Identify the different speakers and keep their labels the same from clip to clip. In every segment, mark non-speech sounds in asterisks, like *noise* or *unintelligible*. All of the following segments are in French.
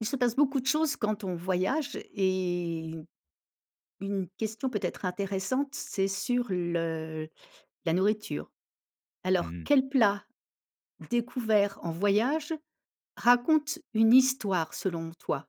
Speaker 1: Il se passe beaucoup de choses quand on voyage et 1 question peut-être intéressante, c'est sur le la nourriture.
Speaker 2: Mmh
Speaker 1: Alors,
Speaker 2: mh.
Speaker 1: quel plat découvert en voyage raconte une histoire selon toi?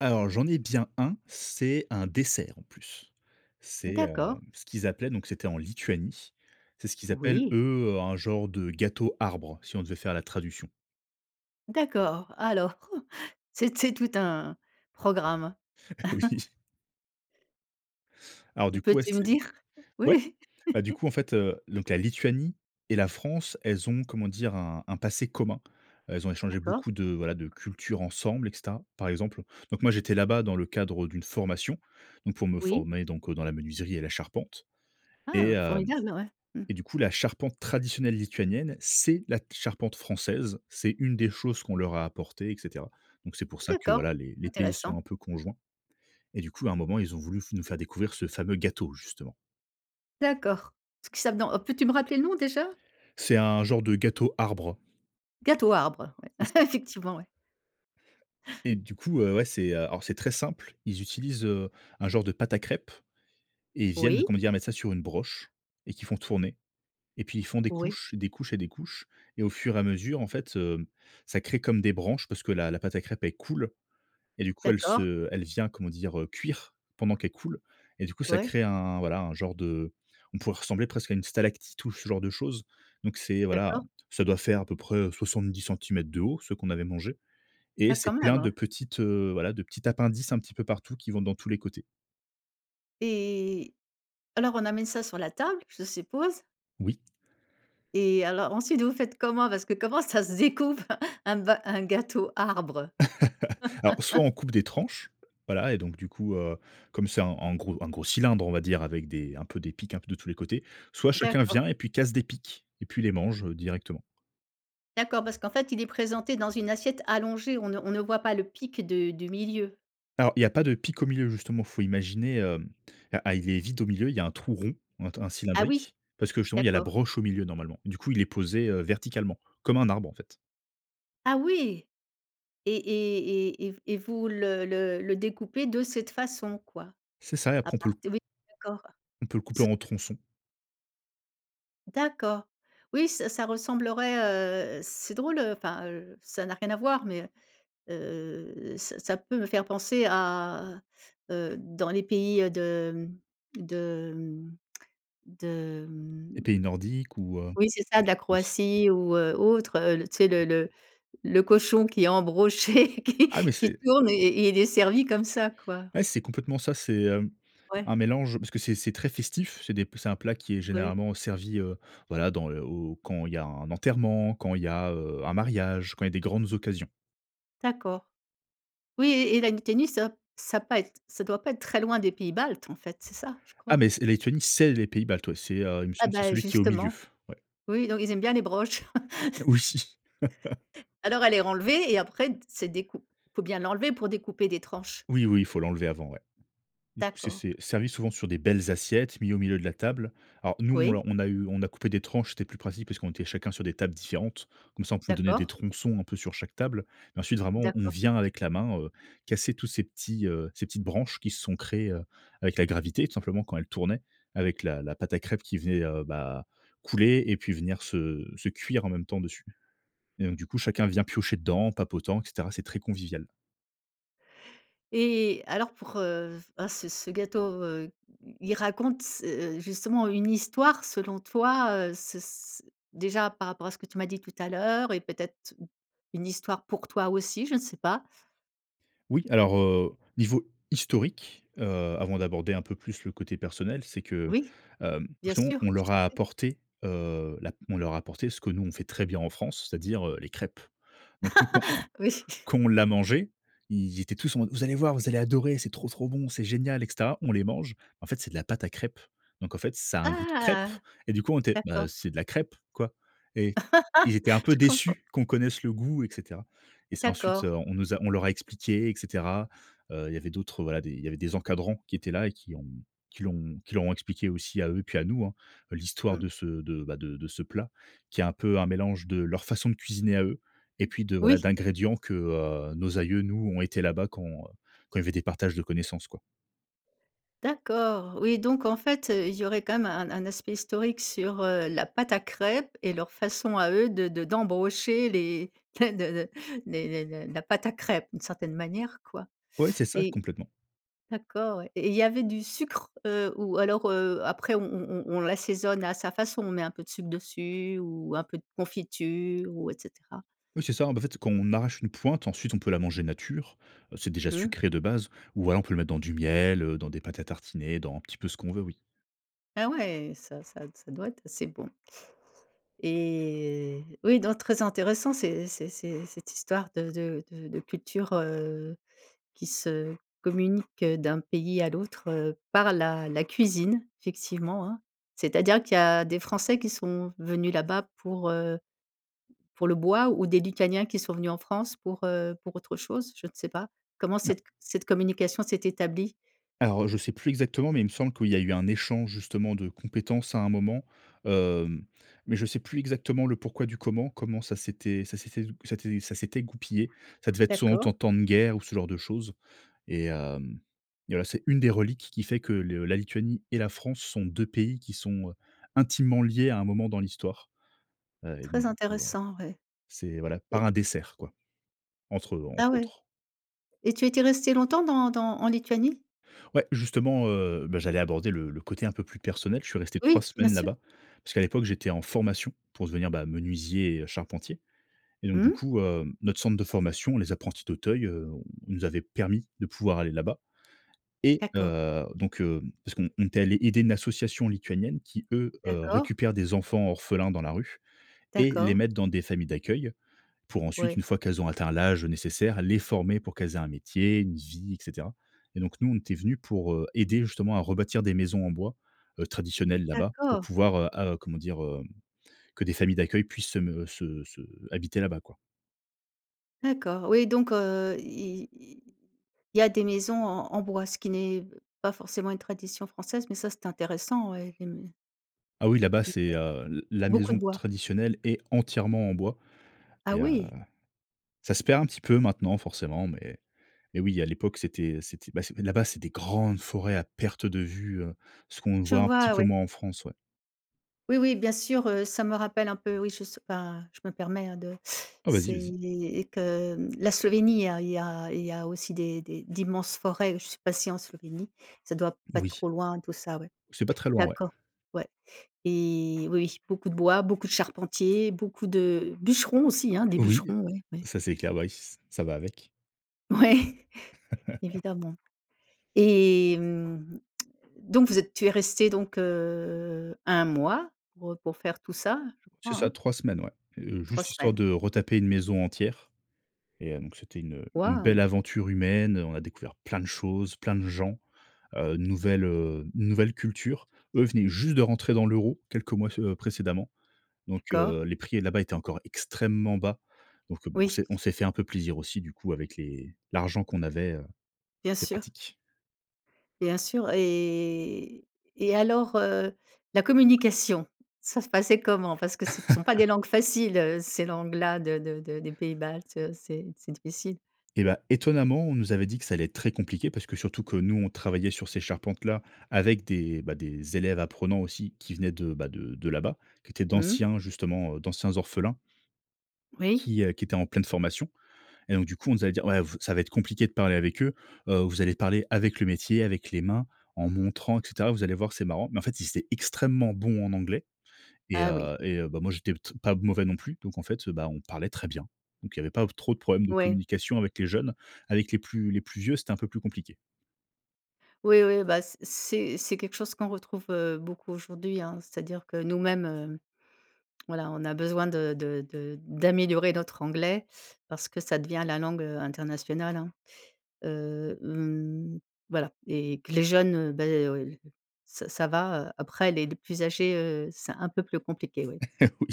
Speaker 2: Alors, j'en ai bien un. C'est un dessert, en plus. C'est, hem,
Speaker 1: D'accord.
Speaker 2: ce qu'ils appelaient donc c'était en Lituanie. C'est ce qu'ils appellent,
Speaker 1: Oui.
Speaker 2: eux, un genre de gâteau arbre si on devait faire la traduction.
Speaker 1: D'accord, alors *chuckles* c'est c'est tout un programme. *chuckles*
Speaker 2: Oui. Alors, du coup, ouais,
Speaker 1: Peux-tu me
Speaker 2: c'est
Speaker 1: dire?
Speaker 2: ouais,
Speaker 1: Oui?
Speaker 2: heu, du
Speaker 1: *laughs*
Speaker 2: coup, en fait, heu, donc la Lituanie et la France, elles ont comment dire? Un un passé commun. Elles ont échangé
Speaker 1: D'accord.
Speaker 2: beaucoup de, voilà, de culture ensemble et cetera, par exemple donc moi, j'étais là-bas dans le cadre d'une formation, donc pour me
Speaker 1: Oui.
Speaker 2: former donc dans la menuiserie et la charpente et
Speaker 1: Ah
Speaker 2: hem
Speaker 1: formidable! Ouais. Mmh.
Speaker 2: et du coup, la charpente traditionnelle lituanienne, c'est la charpente française. C'est une des choses qu'on leur a apporté, et cetera. Donc, c'est pour ça que
Speaker 1: D'accord,
Speaker 2: voilà, les les pays
Speaker 1: intéressant.
Speaker 2: sont un peu conjoints. Et du coup, à un moment, ils ont voulu f nous faire découvrir ce fameux gâteau justement.
Speaker 1: D'accord. Ce que ça dans peux-tu me rappeler le nom déjà?
Speaker 2: C'est un genre de gâteau arbre.
Speaker 1: Gâteau arbre, ouais,
Speaker 2: C'est ça.
Speaker 1: *chuckles* effectivement ouais.
Speaker 2: Et du coup, heu, ouais, c'est, heu, alors c'est très simple. Ils utilisent, heu, un genre de pâte à crêpes et ils viennent
Speaker 1: Oui.
Speaker 2: comment dire mettre ça sur une broche et qu'ils font tourner et puis ils font des
Speaker 1: Oui.
Speaker 2: couches, des couches et des couches et au fur et à mesure, en fait, heu, ça crée comme des branches parce que la la pâte à crêpe elle coule et du coup, elle
Speaker 1: D'accord.
Speaker 2: se elle vient, comment dire, heu, cuire pendant qu'elle coule et du coup, ça
Speaker 1: Ouais.
Speaker 2: crée un voilà, un genre de on pourrait ressembler presque à une stalactite ou ce genre de chose. Donc c'est voilà,
Speaker 1: D'accord.
Speaker 2: ça doit faire à peu près 70 cm de haut, ce qu'on avait mangé et
Speaker 1: Ah quand
Speaker 2: c'est
Speaker 1: même,
Speaker 2: plein
Speaker 1: hein.
Speaker 2: de petites, heu, voilà, de petits appendices un petit peu partout qui vont dans tous les côtés.
Speaker 1: Et alors on amène ça sur la table, je suppose?
Speaker 2: Oui.
Speaker 1: Et alors, ensuite, vous faites comment? Parce que comment ça se decoupe un bas un gâteau arbre?
Speaker 2: *laughs* Alors soit
Speaker 1: *laughs*
Speaker 2: on coupe des tranches, voilà et donc du coup, heu, comme c'est un un gros un gros cylindre, on va dire avec des un peu des piques un peu de tous les côtés, soit chacun
Speaker 1: D'accord.
Speaker 2: vient et puis casse des piques et puis les mange, heu, directement.
Speaker 1: D'accord, parce qu'en fait, il est présenté dans une assiette allongée. On ne on ne voit pas le pic de du milieu.
Speaker 2: Alors, il y a pas de pic au milieu justement, faut imaginer, hem, ah il est vide au milieu, il y a un trou rond, ou un t un
Speaker 1: Ah oui,
Speaker 2: cylindrique, parce que justement, il y a la
Speaker 1: d'accord.
Speaker 2: broche au milieu normalement. Du coup, il est posé, heu, verticalement, comme un arbre, en fait.
Speaker 1: Ah oui! Et et et et v et vous le le le découpez de cette façon, quoi.
Speaker 2: C'est ça et
Speaker 1: A
Speaker 2: après on peut le
Speaker 1: parti oui, d'accord.
Speaker 2: on peut le couper
Speaker 1: Ce
Speaker 2: en
Speaker 1: *unintelligible*
Speaker 2: tronçons.
Speaker 1: D'accord. Oui ça ça ressemblerait, heu, c'est drôle enfin, heu, ça n'a rien à voir mais heu, ça ça peut me faire penser à, heu, dans les pays de, hem, de, mmh, de hem
Speaker 2: Les pays nordiques ou heu
Speaker 1: Oui, c'est ça de la
Speaker 2: *unintelligible*
Speaker 1: Croatie ou heu, autre, heu, tu sais le le le cochon qui est embroché, qui
Speaker 2: Ah mais
Speaker 1: qui
Speaker 2: c'est
Speaker 1: tourne et il est servi comme ça, quoi.
Speaker 2: Ouais, c'est complètement ça, c'est, hem,
Speaker 1: Ouais.
Speaker 2: un mélange parce que c'est c'est très festif. C'est des p c'est un plat qui est
Speaker 1: Ouais.
Speaker 2: généralement servi, heu, voilà dans, heu, quand il y a un enterrement, quand il y a, heu, un mariage, quand il y a des grandes occasions.
Speaker 1: D'accord. Oui et et la Lettonie, ça ça pas être ça doit pas être très loin des pays baltes, en fait, c'est ça, je
Speaker 2: Ah
Speaker 1: crois?
Speaker 2: mais c'est Lettonie, c'est les pays baltes, ouais, c'est, heu, il me
Speaker 1: Ah
Speaker 2: semble que c'est
Speaker 1: ben,
Speaker 2: celui qui est au milieu,
Speaker 1: justement,
Speaker 2: ouais.
Speaker 1: oui, donc ils aiment bien les broches.
Speaker 2: Oui. *laughs*
Speaker 1: *laughs* Alors, elle est renlevée et après t c'est décou faut bien l'enlever pour découper des tranches?
Speaker 2: Oui, oui, il faut l'enlever avant, ouais, du coup, c'est
Speaker 1: D'accord.
Speaker 2: c'est servi souvent sur des belles assiettes mis au milieu de la table alors, nous, on
Speaker 1: Oui.
Speaker 2: l'a on a eu on a coupé des tranches, c'était plus pratique parce qu'on était chacun sur des tables différentes comme ça, on pouvait donner des
Speaker 1: D'accord.
Speaker 2: tronçons un peu sur chaque table mais ensuite vraiment, on on
Speaker 1: D'accord.
Speaker 2: vient avec la main, heu, casser tous ces petits, heu, ces petites branches qui se sont créées, heu, avec la gravité, tout simplement quand elles tournaient avec la la pâte à crêpe qui venait, heu, bah, couler et puis venir se se cuire en même temps dessus et donc du coup, chacun vient piocher dedans en papotant et cetera, c'est très convivial.
Speaker 1: Et alors pour, heu, ah ce ce gâteau, heu, i il raconte s heu, justement une histoire selon toi, heu, ce s déjà, par rapport à ce que tu m'as dit tout à l'heure et peut-être t une histoire pour toi aussi, je ne sais pas.
Speaker 2: Oui, alors, heu, niveau historique, heu, avant d'aborder un peu plus le côté personnel, c'est que,
Speaker 1: Oui.
Speaker 2: hem,
Speaker 1: Bien
Speaker 2: justement
Speaker 1: sûr,
Speaker 2: on
Speaker 1: je
Speaker 2: leur
Speaker 1: t'en
Speaker 2: a
Speaker 1: prie!
Speaker 2: apporté, heu, la on leur a apporté ce que nous, on fait très bien en France, c'est-à-dire, heu, les crêpes. Donc nous quand
Speaker 1: *laughs* Oui.
Speaker 2: quand on l'a mangé, ils étaient tous en mode: «Vous allez voir, vous allez adorer, c'est trop trop bon, c'est génial, et cetera». On les mange en fait, c'est de la pâte à crêpes. Donc en fait, ça a un goût de crêpe
Speaker 1: Ah!
Speaker 2: et du coup, on était: «Ben
Speaker 1: D'accord.
Speaker 2: c'est de la crêpe, quoi». Et ils
Speaker 1: *laughs*
Speaker 2: étaient un peu
Speaker 1: Je comprends
Speaker 2: déçus qu'on connaisse le goût et cetera et c'est ensuite,
Speaker 1: D'accord.
Speaker 2: heu, on nous a on leur a expliqué et cetera. Heu, il y avait d'autres voilà, il y avait des encadrants qui étaient là et qui ont qui l'ont qui leur ont expliqué aussi à eux et puis à nous, hein, l'histoire
Speaker 1: Mmh.
Speaker 2: de ce de bah de de ce plat qui est un peu un mélange de leur façon de cuisiner à eux et puis de, voilà,
Speaker 1: Oui!
Speaker 2: d'ingrédients que, heu, nos aïeux nous ont été là-bas quand, heu, quand il y avait des partages de connaissances, quoi.
Speaker 1: D'accord, oui donc en fait, heu, il y aurait quand même un un aspect historique sur, heu, la pâte à crêpes et leur façon à eux de de d'embrocher les *unintelligible* de les les la la pâte à crêpes d'une certaine manière, quoi
Speaker 2: Ouais, c'est ça,
Speaker 1: et
Speaker 2: complètement.
Speaker 1: d'accord, ouais et il y avait du sucre, heu, ou alors, heu, après on on on on l'assaisonne à sa façon, on met un peu de sucre dessus ou un peu de confiture ou et cetera?
Speaker 2: Oui c'est ça, ben en fait quand on arrache une pointe, ensuite on peut la manger nature, heu, c'est déjà
Speaker 1: Mmh.
Speaker 2: sucré de base. Ou voilà, on peut le mettre dans du miel, heu, dans des pâtes à tartiner, dans un petit peu ce qu'on veut, oui.
Speaker 1: Ah ouais! Ça ça ça doit être assez bon et oui donc très intéressant, c'est c'est c'est cette histoire de de de de culture, heu, qui se communique d'un pays à l'autre, heu, par la la cuisine, effectivement, hein. C'est-à-dire qu'il y a des Français qui sont venus là-bas pour, heu, pour le bois ou des Lituaniens qui sont venus en France pour, heu, pour autre chose? Je ne sais pas. Comment
Speaker 2: Na
Speaker 1: cette cette communication s'est établie?
Speaker 2: Alors heu, je sais plus exactement, mais il me semble qu'il y a eu un échange justement de compétences à un moment, hem, mais je sais plus exactement le pourquoi du comment. Comment ça s'était, ça s'était ça s'était *unintelligible* c'était ça s'était goupillé. Ça devait être soit en
Speaker 1: D'accord.
Speaker 2: tant tant de guerre ou ce genre de chose, et hem et voilà. C'est une des reliques qui fait que le la Lituanie et la France sont 2 pays qui sont, heu, intimement liés à un moment dans l'histoire, et donc
Speaker 1: Très
Speaker 2: du coup heu,
Speaker 1: intéressant, ouais.
Speaker 2: c'est voilà,
Speaker 1: Et
Speaker 2: par un dessert quoi, entre eux.
Speaker 1: Ah
Speaker 2: Entre
Speaker 1: ouais!
Speaker 2: autres.
Speaker 1: Et tu étais resté longtemps, dans dans en Lituanie?
Speaker 2: Ouais, justement, heu, bah j'allais aborder le le côté un peu plus personnel. Je suis resté 3
Speaker 1: Oui, bien
Speaker 2: semaines
Speaker 1: sûr!
Speaker 2: là-bas, parce qu'à l'époque j'étais en formation, pour devenir bah, menuisier et heu, charpentier, et donc du
Speaker 1: Mmh?
Speaker 2: coup hem, notre centre de formation, Les Apprentis d'Auteuil, heu, nous avait permis de pouvoir aller là-bas, et
Speaker 1: D'accord.
Speaker 2: heu donc hem parce qu'on on était allé aider une association lituanienne, qui eux, heu,
Speaker 1: D'accord.
Speaker 2: récupèrent des enfants orphelins dans la rue, et les
Speaker 1: D'accord.
Speaker 2: mettent dans des familles d'accueil. Pour ensuite,
Speaker 1: Ouais.
Speaker 2: une fois qu'elles ont atteint l'âge nécessaire, les former pour qu'elles aient un métier, une vie, et cetera, et donc nous on était venus pour, heu, aider justement à rebâtir des maisons en bois, heu, traditionnelles là-bas. Pour
Speaker 1: D'accord!
Speaker 2: pouvoir heu ah heu, comment dire? Heu, que des familles d'accueil puissent se me se se habiter là-bas, quoi.
Speaker 1: D'accord, oui donc, heu, i i il y a des maisons en en bois, ce qui n'est pas forcément une tradition française, mais ça c'est intéressant oui et mais
Speaker 2: Ah oui, là-bas,
Speaker 1: Ouais,
Speaker 2: c'est, heu, l la
Speaker 1: beaucoup de
Speaker 2: maison
Speaker 1: bois.
Speaker 2: traditionnelle est entièrement en bois
Speaker 1: Ah
Speaker 2: et heu,
Speaker 1: oui!
Speaker 2: ça se perd un petit peu maintenant forcément, mais mais oui, à l'époque, c'était c'était ben c'est là-bas, c'est des grandes forêts à perte de vue, heu, ce qu'on
Speaker 1: Je
Speaker 2: voit un petit
Speaker 1: vois,
Speaker 2: peu
Speaker 1: ouais.
Speaker 2: moins en France, ouais.
Speaker 1: Oui, oui, bien sûr, heu, ça me rappelle un peu oui, je sais ben je me permets, hein, de
Speaker 2: Ah vas-y
Speaker 1: c'est
Speaker 2: vas-y.
Speaker 1: les et que, mmh la Slovénie, il y a il y a il y a aussi des des d'immenses forêts, je suis passée en Slovénie. Ça doit pas être
Speaker 2: Moui.
Speaker 1: trop loin, tout ça, ouais.
Speaker 2: C'est pas très loin, ouais.
Speaker 1: D'accord, ouais et oui, beaucoup de bois, beaucoup de charpentiers, beaucoup de bûcherons aussi hein, des
Speaker 2: Oui,
Speaker 1: bûcherons, ouais, ouais.
Speaker 2: ça c'est clair, bah oui ç ça va avec
Speaker 1: Ouais!
Speaker 2: *chuckles*
Speaker 1: Evidemment et mmh, *smacks lips* donc vous êtes tu es resté donc heu, 1 mois pour, heu, pour faire tout ça, je crois
Speaker 2: C'est ça
Speaker 1: hein?
Speaker 2: 3 semaines ouais. Heu,
Speaker 1: 3
Speaker 2: juste histoire
Speaker 1: semaines.
Speaker 2: de retaper une maison entière et heu, donc c'était une une
Speaker 1: Waouh.
Speaker 2: belle aventure humaine. On a découvert plein de choses, plein de gens, heu, nouvelle, heu, nouvelle culture. Eux venaient juste de rentrer dans l'euro, quelques mois ce heu, précédemment. Donc
Speaker 1: D'accord.
Speaker 2: heu, les prix là-bas étaient encore extrêmement bas. Donc heu, b on
Speaker 1: Oui
Speaker 2: s'est on
Speaker 1: s
Speaker 2: s'est fait un peu plaisir aussi, du coup avec les l'argent qu'on avait, heu,
Speaker 1: Bien
Speaker 2: c'était
Speaker 1: sûr.
Speaker 2: pratique.
Speaker 1: Bien sûr et et et alors, heu, la communication, ça se passait comment? Parce que ce ne sont pas
Speaker 2: *chuckles*
Speaker 1: des langues faciles, heu, ces langues-là de de de des pays baltes, heu, c'est c'est difficile.
Speaker 2: Et bah, étonnamment, on nous avait dit que ça allait être très compliqué parce que surtout que nous, on travaillait sur ces charpentes-là avec des bah, des élèves apprenants aussi qui venaient de bah, de de là-bas, qui étaient
Speaker 1: Mmh.
Speaker 2: d'anciens justement, heu, d'anciens orphelins
Speaker 1: Oui.
Speaker 2: qui, heu, qui étaient en pleine formation et donc du coup, on nous a dit: «Ouais, vous ça va être compliqué de parler avec eux. Heu, vous allez parler avec le métier, avec les mains, en montrant et cetera, vous allez voir que c'est marrant». Mais en fait, ils étaient extrêmement bons en anglais et
Speaker 1: Ah oui.
Speaker 2: heu et heu, ben moi, j'étais p t pas mauvais non plus. Donc en fait, bah, on parlait très bien. Donc il y avait pas trop de problème de
Speaker 1: Ouais.
Speaker 2: communication avec les jeunes. Avec les plus les plus vieux, c'était un peu plus compliqué.
Speaker 1: Oui, oui, bah c c'est c'est quelque chose qu'on retrouve, heu, beaucoup aujourd'hui, hein. C'est-à-dire que nous-mêmes, heu, voilà, on a besoin de de de d'améliorer notre anglais parce que ça devient la langue, heu, internationale, hein, heu, mmh, voilà et que les jeunes, heu, bah, oui l ça ça va, heu, après les les plus âgés, heu, c'est un peu plus compliqué, oui.
Speaker 2: *chuckles* Oui.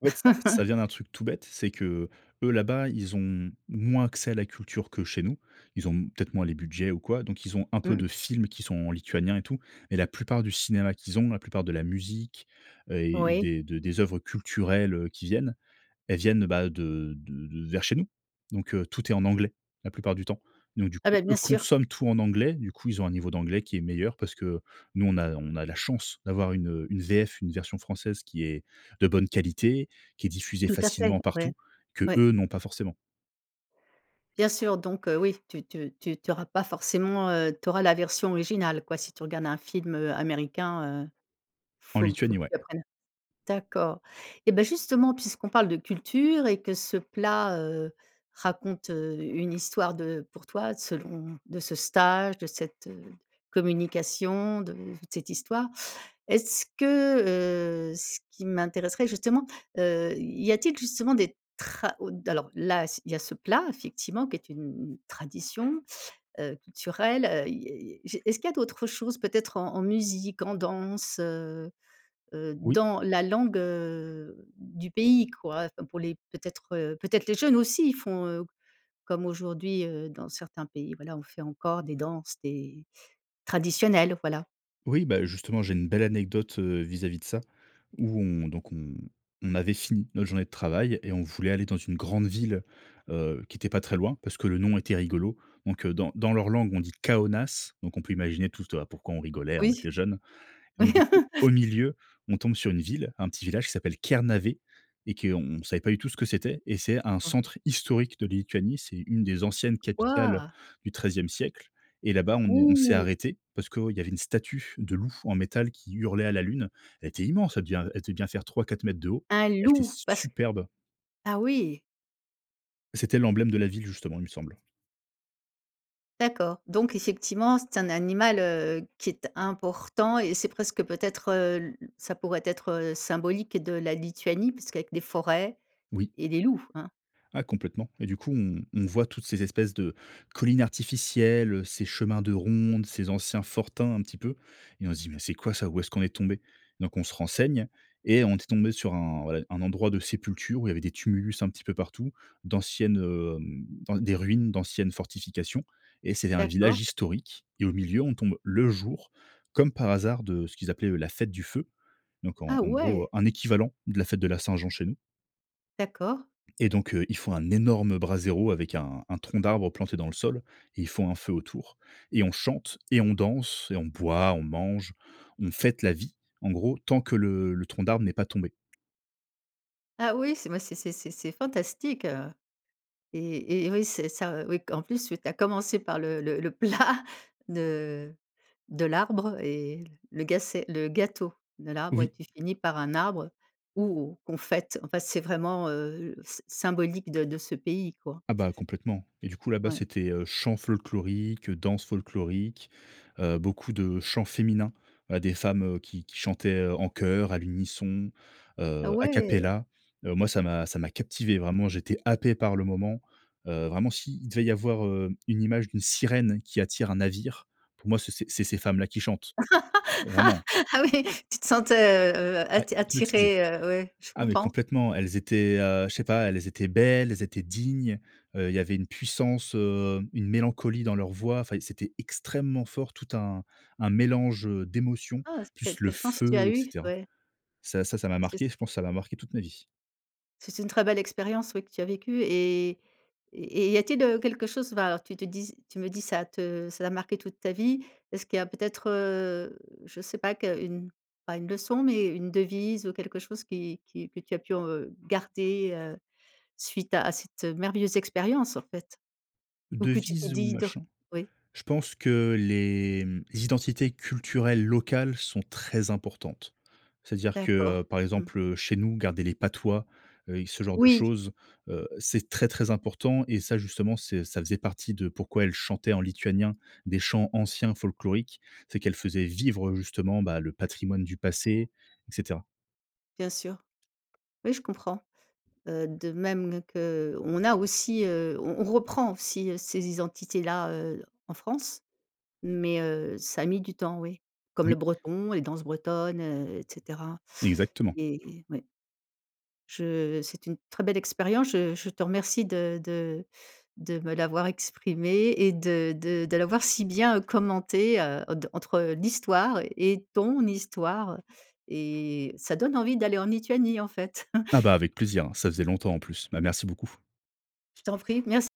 Speaker 2: En fait, ça ça
Speaker 1: *chuckles*
Speaker 2: vient d'un truc tout bête, c'est qu'eux là-bas, ils ont moins accès à la culture que chez nous. Ils ont, mmh, peut-être moins les budgets ou quoi, donc ils ont un peu
Speaker 1: Mmh.
Speaker 2: de films qui sont en lituanien et tout, mais la plupart du cinéma qu'ils ont, la plupart de la musique, heu, et
Speaker 1: Oui.
Speaker 2: des de des œuvres culturelles, heu, qui viennent, elles viennent, heu, bah, de de de vers chez nous, donc heu, tout est en anglais. La plupart du temps, donc du
Speaker 1: Ah,
Speaker 2: coup,
Speaker 1: bah,
Speaker 2: eux,
Speaker 1: bien sûr.
Speaker 2: consomment tout en anglais, du coup, ils ont un niveau d'anglais qui est meilleur. Parce que nous, on a on a la chance d'avoir une, heu, une VF, une version française qui est de bonne qualité, qui est diffusée
Speaker 1: Tout à fait,
Speaker 2: facilement
Speaker 1: ouais.
Speaker 2: partout qu'eux
Speaker 1: Ouais.
Speaker 2: n'ont pas forcément.
Speaker 1: Bien sûr, donc heu, oui, tu tu tu tu auras pas forcément, heu, tu auras la version originale, quoi. Si tu regardes un film, heu, américain, heu,
Speaker 2: En
Speaker 1: faut que faut
Speaker 2: Lituanie,
Speaker 1: que
Speaker 2: ouais.
Speaker 1: tu apprennes d'accord, et ben justement, puisqu'on parle de culture et que ce plat, heu, raconte, heu, une histoire de pour toi selon de ce stage, de cette communication, de toute cette histoire. Est-ce que, heu, ce qui m'intéresserait justement, heu, y a-t-il justement des tra ou d alors là s'il y a ce plat effectivement qui est une une tradition, heu, culturelle, heu, il y il y j'ai est-ce qu'il y a d'autres choses peut-être en en musique, en danse? Heu heu,
Speaker 2: Oui.
Speaker 1: dans la langue, heu, du pays, quoi. Enfin, pour les peut-être, heu, peut-être les jeunes aussi, ils font, heu, comme aujourd'hui, heu, dans certains pays, voilà, on fait encore des danses, des traditionnelles, voilà.
Speaker 2: Oui, bah, justement, j'ai une belle anecdote, heu, vis-à-vis de ça. Où on donc on on avait fini notre journée de travail et on voulait aller dans une grande ville, heu, qui était pas très loin parce que le nom était rigolo. Donc heu, dans dans leur langue, on dit: «Caonas», donc on peut imaginer toute pourquoi on rigolait, on
Speaker 1: Oui.
Speaker 2: était jeune. Donc
Speaker 1: Oui
Speaker 2: du coup, au
Speaker 1: *laughs*
Speaker 2: milieu, on tombe sur une ville, un petit village qui s'appelle Kernavė et qu'on savait pas du tout ce que c'était et c'est un
Speaker 1: Ah.
Speaker 2: centre historique de Lituanie. C'est 1 des anciennes capitales
Speaker 1: Waouh!
Speaker 2: du XIIe siècle. Et là-bas, on est on s'est
Speaker 1: Oh!
Speaker 2: arrêté parce qu'il y avait une statue de loup en métal qui hurlait à la lune. Elle était immense. Elle devient elle devait bien faire 3-4 m de haut.
Speaker 1: Un
Speaker 2: Elle était
Speaker 1: loup,
Speaker 2: s
Speaker 1: parce
Speaker 2: superbe.
Speaker 1: ah oui!
Speaker 2: C'était l'emblème de la ville, justement, il me semble.
Speaker 1: D'accord. Donc effectivement, c'est un animal, heu, qui est important et c'est presque peut-être, heu, l ça pourrait être symbolique de la Lituanie puisqu'avec des forêts
Speaker 2: Oui.
Speaker 1: et des loups, hein.
Speaker 2: Ah complètement. Et du coup, on on voit toutes ces espèces de collines artificielles, ces chemins de ronde, ces anciens fortins un petit peu. Et on se dit: «Mais c'est quoi ça, où est-ce qu'on est tombé?» Donc, on se renseigne et on était tombé sur un, voilà, un endroit de sépulture où il y avait des tumulus un petit peu partout, d'anciennes, hem, dans des ruines d'anciennes fortifications et c'était un
Speaker 1: D'accord.
Speaker 2: village historique. Et au milieu, on tombe le jour, comme par hasard, de ce qu'ils appelaient eux la fête du feu. Donc en
Speaker 1: Ah
Speaker 2: en gros, heu,
Speaker 1: ouais!
Speaker 2: un équivalent de la fête de la Saint-Jean chez nous.
Speaker 1: D'accord.
Speaker 2: Et donc heu, ils font un énorme braséro avec un un tronc d'arbre planté dans le sol et ils font un feu autour, et on chante et on danse et on boit, on mange, on fête la vie en gros, tant que le le tronc d'arbre n'est pas tombé.
Speaker 1: Ah oui, c'est moi, c'est c'est c'est c'est fantastique, heu, et et oui, c'est ça oui, q en plus, tu tu as commencé par le le le plat de de l'arbre et le ga c'est le gâteau de l'arbre et
Speaker 2: Oui.
Speaker 1: tu finis par un arbre où on fête, enfin, c'est vraiment, heu, s symbolique de de ce pays, quoi.
Speaker 2: Ah bah complètement, et du coup là-bas,
Speaker 1: Ouais.
Speaker 2: c'était, heu, chant folklorique, danse folklorique, heu, beaucoup de chants féminins, des femmes, heu, qui qui chantaient, heu, en chœur, à l'unisson,
Speaker 1: Ah
Speaker 2: heu, à
Speaker 1: ouais!
Speaker 2: capella. Heu, moi, ça m'a ça m'a captivé vraiment. J'étais happé par le moment. Heu, vraiment s'il devait y avoir, heu, une image d'une sirène qui attire un navire, pour moi, c'est ces c'est ces femmes là qui chantent,
Speaker 1: *laughs*
Speaker 2: vraiment.
Speaker 1: Ah oui, tu te sentais, heu heu,
Speaker 2: Ouais,
Speaker 1: atti
Speaker 2: hypnotisé.
Speaker 1: attiré, heu, ouais, je
Speaker 2: Ah, mais
Speaker 1: comprends.
Speaker 2: complètement, elles étaient, heu, je sais pas, elles étaient belles, elles étaient dignes. Heu, il y avait une puissance, heu, une mélancolie dans leur voix. Enfin, c'était extrêmement fort. Tout un un mélange, heu, d'émotions,
Speaker 1: Ah, s quelle
Speaker 2: plus le
Speaker 1: quelle chance tu as
Speaker 2: feu, et
Speaker 1: eu,
Speaker 2: cetera.
Speaker 1: ouais.
Speaker 2: Ça ça ça m'a
Speaker 1: C'est
Speaker 2: marqué,
Speaker 1: s
Speaker 2: je pense que ça m'a marqué toute ma vie.
Speaker 1: C'est une très belle expérience, oui, que tu as vécue et et et il y a-t-il, heu, quelque chose va tu te dis tu me dis ça te ça a marqué toute ta vie. Est-ce qu'il y a peut-être, heu, je sais pas qu'une pas une leçon, mais une devise ou quelque chose qui qui que tu as pu en, heu, garder, heu, suite à à cette, heu, merveilleuse expérience, en fait? Ou que tu t'es
Speaker 2: Devises ou
Speaker 1: di dr
Speaker 2: machin?
Speaker 1: oui.
Speaker 2: Je pense que les, mmh, les identités culturelles locales sont très importantes. C'est-à-dire que,
Speaker 1: D'accord.
Speaker 2: heu, par
Speaker 1: Mmh.
Speaker 2: exemple, heu, chez nous, garder les patois, heu, et ce genre de
Speaker 1: Oui.
Speaker 2: choses, heu, c'est très, très important et ça, justement, c'est ça faisait partie de pourquoi elle chantait en lituanien des chants anciens folkloriques. C'est qu'elle faisait vivre, heu, justement, bah, le patrimoine du passé, et cetera.
Speaker 1: Bien sûr. Oui, je comprends, heu, de même qu'on a aussi, heu, on on reprend aussi, heu, ces identités-là, heu, en France, mais heu, ça a mis du temps, oui. Comme le
Speaker 2: Oui.
Speaker 1: Breton, les danses bretonnes, heu, et cetera
Speaker 2: Exactement.
Speaker 1: et ouais. Je c'est une très belle expérience, je je te remercie de de de me l'avoir exprimée et de de de l'avoir si bien, heu, commentée, heu, en d entre l'histoire et ton histoire et ça donne envie d'aller en Lituanie, en fait.
Speaker 2: Ah bah
Speaker 1: *chuckles*
Speaker 2: avec plaisir, hein, ça faisait longtemps, en plus. Bah, merci beaucoup.
Speaker 1: Je t'en prie, merci.